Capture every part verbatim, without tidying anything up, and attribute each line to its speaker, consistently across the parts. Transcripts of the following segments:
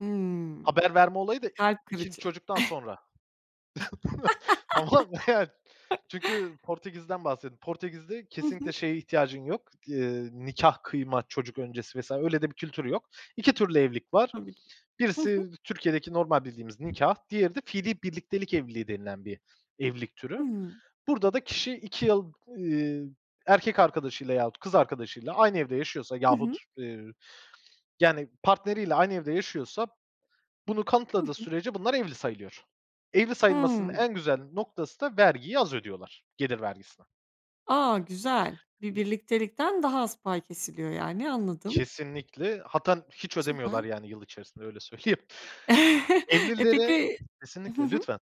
Speaker 1: Hımm.
Speaker 2: Haber verme olayı da
Speaker 1: Kalp
Speaker 2: ikinci
Speaker 1: kırıcı.
Speaker 2: çocuktan sonra. Ama meğer çünkü Portekiz'den bahsedeyim. Portekiz'de
Speaker 1: Hı
Speaker 2: kesinlikle
Speaker 1: hı.
Speaker 2: şeye ihtiyacın yok di eee, nikâh kıyma çocuk öncesi vs. öyle de bir kültür yok. iki türlü evlilik var.
Speaker 1: Tabii ki. Hı hı.
Speaker 2: Birisi Türkiye'deki normal bildiğimiz nikâh, diğeri de fiilî birliktelik evliliği denilen bir evlilik türü.
Speaker 1: Hımm.
Speaker 2: Burada da kişi iki yıl, iii, erkek arkadaşıyla yahut kız arkadaşıyla aynı evde yaşıyorsa
Speaker 1: Hı
Speaker 2: yahut,
Speaker 1: hı.
Speaker 2: eee, ü yani partneriyle aynı evde yaşıyorsa bunu
Speaker 1: Hı
Speaker 2: kanıtladığı
Speaker 1: hı.
Speaker 2: sürece bunlar evli sayılıyor. Evli sayılmasının
Speaker 1: Hımm.
Speaker 2: en güzel noktası da vergiyi az ödüyorlar, gelir vergisini.
Speaker 1: A! Güzel. Bir birliktelikten daha az pay kesiliyor yani, anladım.
Speaker 2: Kesinlikle hattan hiç
Speaker 1: Süper.
Speaker 2: ödemiyorlar yani yıl içerisinde, öyle söyleyeyim.
Speaker 1: E,
Speaker 2: Evlilere
Speaker 1: peki Hı
Speaker 2: Kesinlikle.
Speaker 1: hı.
Speaker 2: Lütfen.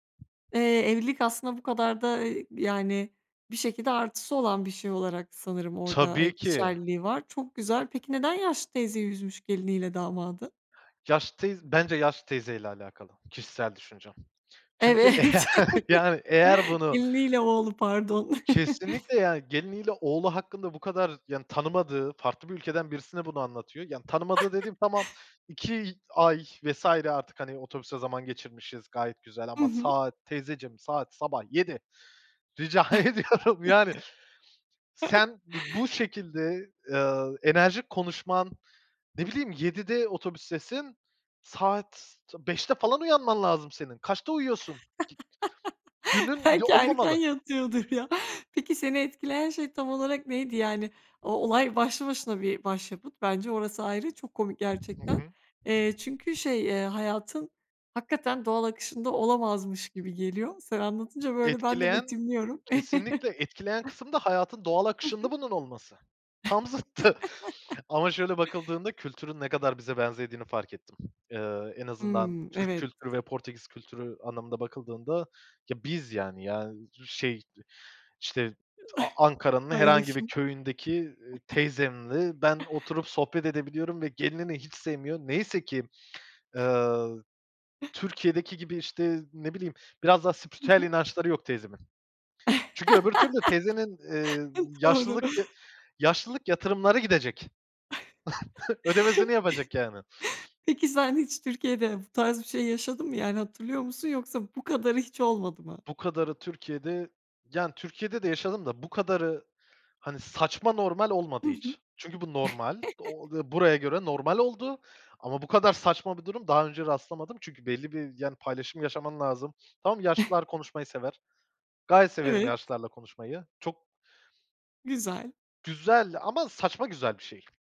Speaker 1: Eee, evlilik aslında bu kadar da, eee, yani bir şekilde artısı olan bir şey olarak sanırım orada, eee,
Speaker 2: Tabii ki.
Speaker 1: geçerliliği var. Çok güzel. Peki neden yaşlı teyzeyi üzmüş geliniyle damadı?
Speaker 2: Yaşlı teyz bence yaşlı teyzeyle alakalı. Kişisel düşüncem. Çünkü eğer
Speaker 1: Evet.
Speaker 2: yani eğer bunu
Speaker 1: Geliniyle oğlu, pardon.
Speaker 2: Kesinlikle yani geliniyle oğlu hakkında bu kadar yani tanımadığı, farklı bir ülkeden birisine bunu anlatıyor. Yani tanımadığı dediğim, tamam, iki ay vs. artık, hani, otobüste zaman geçirmişiz gayet güzel
Speaker 1: Hı
Speaker 2: ama
Speaker 1: hı.
Speaker 2: saat teyzeciğim saat sabah yedi Rica ediyorum, yani. Sen dı bu şekilde, eee, enerjik konuşman ne bileyim, yedide otobüstesin, saat ta beşte falan uyanman lazım senin. Kaçta uyuyorsun? Dünün, ya,
Speaker 1: Belki erken
Speaker 2: olmamalı.
Speaker 1: yatıyordur ya. Peki seni etkileyen şey tam olarak neydi? Yani o olay başlı başına bir başyapıt bence, orası ayrı, çok komik
Speaker 2: Hı
Speaker 1: gerçekten.
Speaker 2: hı.
Speaker 1: Eee, çünkü şey, eee, hayatın hakikaten doğal akışında olamazmış gibi geliyor. Sen anlatınca böyle ben de
Speaker 2: Etkileyen
Speaker 1: betimliyorum.
Speaker 2: kesinlikle etkileyen kısım da hayatın doğal akışında
Speaker 1: Hı hı.
Speaker 2: bunun olması. Tam zıttı. Ama şöyle bakıldığında kültürün ne kadar bize benzediğini fark ettim. Eee, en azından
Speaker 1: Hımm,
Speaker 2: Türk
Speaker 1: evet.
Speaker 2: kültürü ve Portekiz kültürü anlamında bakıldığında, ya, biz, yani, ya, şey, e işte, t Ankara'nın herhangi bir
Speaker 1: Paylaşım.
Speaker 2: köyündeki, eee, teyzemle ben oturup sohbet edebiliyorum ve gelinini hiç sevmiyor. Neyse ki, eee, Türkiye'deki gibi, işte, ne bileyim, biraz daha
Speaker 1: Hı
Speaker 2: spiritüel
Speaker 1: hı.
Speaker 2: inançları yok teyzemin. Çünkü öbür türlü teyzenin, eee,
Speaker 1: Doğru.
Speaker 2: yaşlılık y yaşlılık yatırımları gidecek. Ödemesini yapacak yani.
Speaker 1: Peki sen hiç Türkiye'de bu tarz bir şey yaşadın mı yani hatırlıyor musun yoksa bu kadarı hiç olmadı mı?
Speaker 2: Bu kadarı Türkiye'de yani Türkiye'de de yaşadım da bu kadarı, hani, saçma normal
Speaker 1: Hı
Speaker 2: olmadı
Speaker 1: hı.
Speaker 2: hiç. Çünkü bu normal o ve buraya göre normal oldu ama bu kadar saçma bir durum daha önce rastlamadım çünkü belli bir yani paylaşım yaşaman lazım. Tamam, yaşlılar konuşmayı sever. Gayet severim
Speaker 1: Evet.
Speaker 2: yaşlılarla konuşmayı. Çok
Speaker 1: Güzel.
Speaker 2: Güzel ama saçma güzel bir şey.